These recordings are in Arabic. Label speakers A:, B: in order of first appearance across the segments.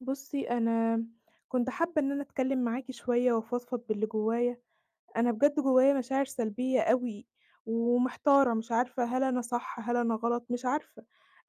A: بُصّي، أنا كنت حابّة إن أنا أتكلّم معاكِ شوية وأفضفض باللي جوايا. أنا بجد جوايا مشاعر سلبية أوي، ومحتارة مش عارفة هل أنا صح، هل أنا غلط؟ مش عارفة،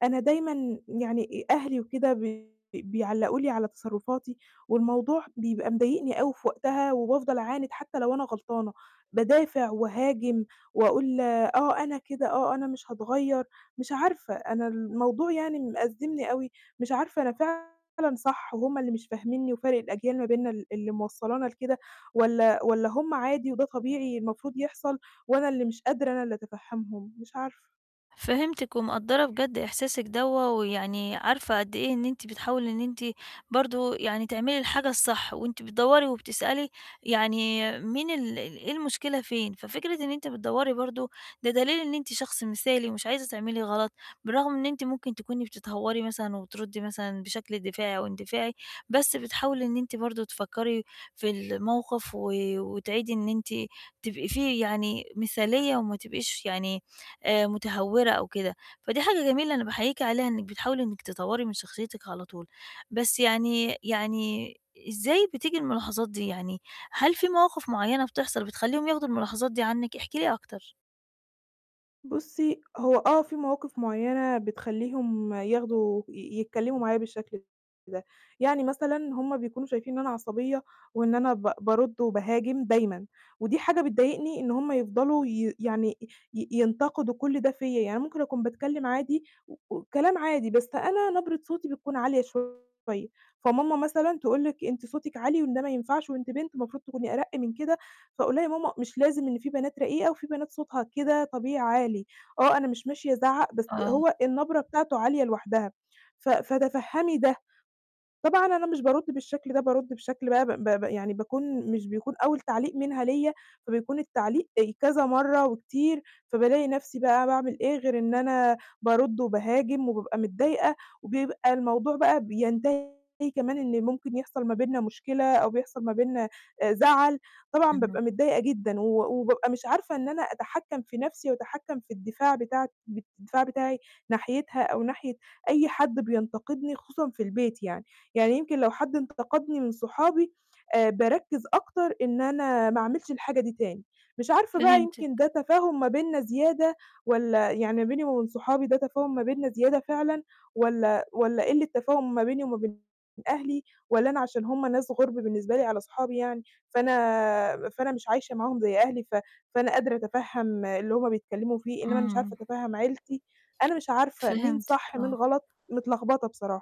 A: أنا دايمًا يعني أهلي وكده بي بيعلّقوا لي على تصرّفاتي، والموضوع بيبقى مضايقني أوي في وقتها، وبافضل أعاند حتى لو أنا غلطانة، بادافع وأهاجم، وأقول آه، أنا كده، آه، أنا مش هاتغيّر، مش عارفة، أنا الموضوع يعني مأزّمني أوي، مش عارفة أنا فعلًا صح وهم اللي مش فاهمينّي، وفَرق الأجيال ما بيننا ال اللي موصّلانا لكده، والَّا والَّا هم عادي وده طبيعي المفروض يحصل، وأنا اللي مش قادرة أنا اللي أتفهّمهم؟ مش عارفة.
B: فهمتِك، ومقدّرة بجد إحساسِك دوّة، ويعني عارفة قد إيه إن أنتِ بتحاولي إن أنتِ برضه يعني تعملي الحاجة الصح، وأنتِ بتدوّري وبتسألي يعني مين ال إيه المشكلة فين؟ ففكرة إن أنتِ بتدوّري برضه ده دليل إن أنتِ شخص مثالي ومش عايزة تعملي غلط، بالرغم إن أنتِ ممكن تكوني بتتهوّري مثلًا، وبتردّي مثلًا بشكل دفاعي أو اندفاعي، بس بتحاولي إن أنتِ برضه تفكّري في الموقف، و وتعيدي إن أنتِ تبقي فيه يعني مثالية وما تبقيش يعني، آآ، متهوّرة أو كده. فدي حاجة جميلة أنا باحييكِ عليها إنِّك بتحاولي إنِّك تطوّري من شخصيتِك على طول. بس يعني يعني إزاي بتيجي الملاحظات دي؟ يعني، هل في مواقف معيّنة بتحصل بتخلّيهم ياخدوا الملاحظات دي عنِّك؟ احكِ لي أكتر.
A: بُصّي، هو آه، في مواقف معيّنة بتخلّيهم ياخدوا ي يتكلّموا معايا بالشكل ده. يعني مثلًا هم بيكونوا شايفين إن أنا عصبية، وإن أنا ب بارُدّ وباهاجم دايمًا. ودي حاجة بتضايقني إن هم يفضلوا ي يعني ي ينتقدوا كُلّ ده فيَّ. يعني ممكن أكون باتكلّم عادي، و وكلام عادي، بس أنا نبرة صوتي بتكون عالية شوية، فماما مثلًا تقول لِك: "أنتِ صوتِك عالي، وده ما ينفعش، وأنتِ بنت المفروض تكوني أرَقّ من كده." فأقول لها يا ماما: "مش لازم، إن في بنات رقيقة، وفي بنات صوتها كده طبيعي عالي. آه، أنا مش ماشية أزعّق، بس
B: آه.
A: هو النبرة بتاعته عالية لوحدها، ف فتفهّمي ده." طبعًا أنا مش بارُدّ بالشكل ده، بارُدّ بشكل بقى ب ب يعني باكون مش بيكون أول تعليق منها ليّا، فبيكون التعليق كذا مرّه وكتير، فبالاقي نَفْسي بقى باعمل إيه غير إن أنا بارُدّ وباهاجم، وبابقى متضايقة، وبيبقى الموضوع بقى بينتهي كمان إن ممكن يحصل ما بيننا مشكلة، أو بيحصل ما بيننا آآ، زَعَل. طبعًا
B: اهم.
A: بابقى متضايقة جدًا، و وبابقى مش عارفة إن أنا أتحكّم في نفسي، وأتحكّم في الدفاع بتاعت ب الدفاع بتاعي ناحيتها، أو ناحية أي حد بينتقدني خصوصًا في البيت يعني، يعني يمكن لو حد انتقدني من صحابي، آآ، باركّز أكتر إن أنا ما أعملش الحاجة دي تاني. مش عارفة بقى
B: فهمتِك.
A: يمكن ده تفاهم ما بيننا زيادة، والَّا يعني ما بيني وما بين صحابي ده تفاهم ما بيننا زيادة فعلًا، والَّا والَّا قلّة تفاهم ما بيني وما بين أهلي، والَّا أنا عشان هم ناس غُرب بالنسبة لي، على صحابي يعني فأنا فأنا مش عايشة معاهم زي أهلي، ف فأنا قادرة أتفهّم اللي هم بيتكلّموا فيه، إنّما أنا مش عارفة
B: إمم.
A: أتفهّم عيلتي. أنا مش عارفة مين
B: فهمتِك،
A: صح، مين
B: آه.
A: غلط؟ متلخبطة بصراحة.